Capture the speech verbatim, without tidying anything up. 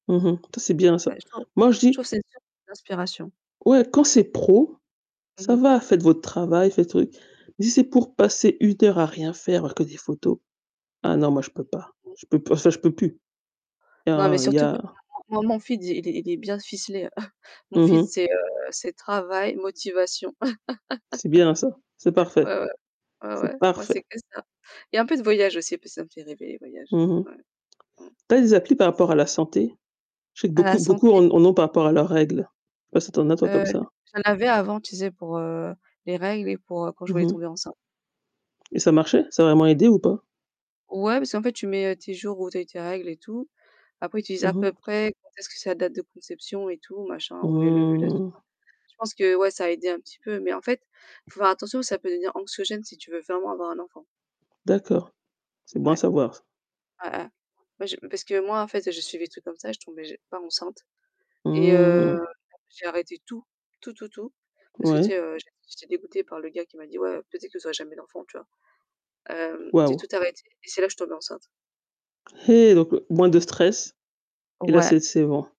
Mmh mh. Tu vois c'est bien ça. Ouais je trouve. Moi je Je dis trouve c'est une source d'inspiration. Ouais quand c'est pro, Mmh ça mh. va, faites votre travail, faites truc. Mais si c'est pour passer une heure à rien faire à voir que des photos, ah non moi je peux pas, [unintelligible] je peux p enfin je peux plus. Il y Non, mais a il y surtout que a moi moi mon feed, il est est bien ficelé. Heu, mon Mmh feed, mh. c'est, heu, c'est travail, motivation. C'est bien ça, c'est parfait. Ouais, ouais, ouais ouais, C'est moi parfait. c'est que ça. Il y a un peu de voyage aussi, parce ça me fait rêver les voyages. Mmh mh. Ouais. Mmh. Tu as des applis par rapport à la santé? Je sais que À la beaucoup, beaucoup santé en en ont par rapport à leurs règles. Je sais pas si tu en as toi comme Heu, ça? j'en avais avant, sais pour, heu, les règles et pour, heu, quand je Mmh voulais mh tomber enceinte. et ça marchait? Ça a vraiment aidé ou pas? Ouais, parce qu'en fait tu mets, heu, tes jours où tu as eu tes règles et tout. Après tu disais à Mmh mh. peu près quand est-ce que c'est la date de conception et tout machin ou même l'ovulation. Mmh. Je pense que ouais ça a aidé un petit peu mais en fait, il faut faire attention, ça peut devenir anxiogène si tu veux vraiment avoir un enfant. D'accord, c'est bon à Ouais. savoir ça. Ouais, ouais. Ouais je parce que moi en fait, heu, je suivais des trucs comme ça et je tombais ja pas enceinte et heu, Mmh. j'ai arrêté tout. Tout, tout, tout parce que tu sais, Ouais. heu, j'étais dégoûtée par le gars qui m'a dit: «Ouais, heu, peut-être vous aurez jamais d'enfant», Tu vois? Hem, j'ai Waouh. tout arrêté et c'est là je suis tombée enceinte. Eh donc heu, moins de stress et là, Ouais. c'est c'est bon.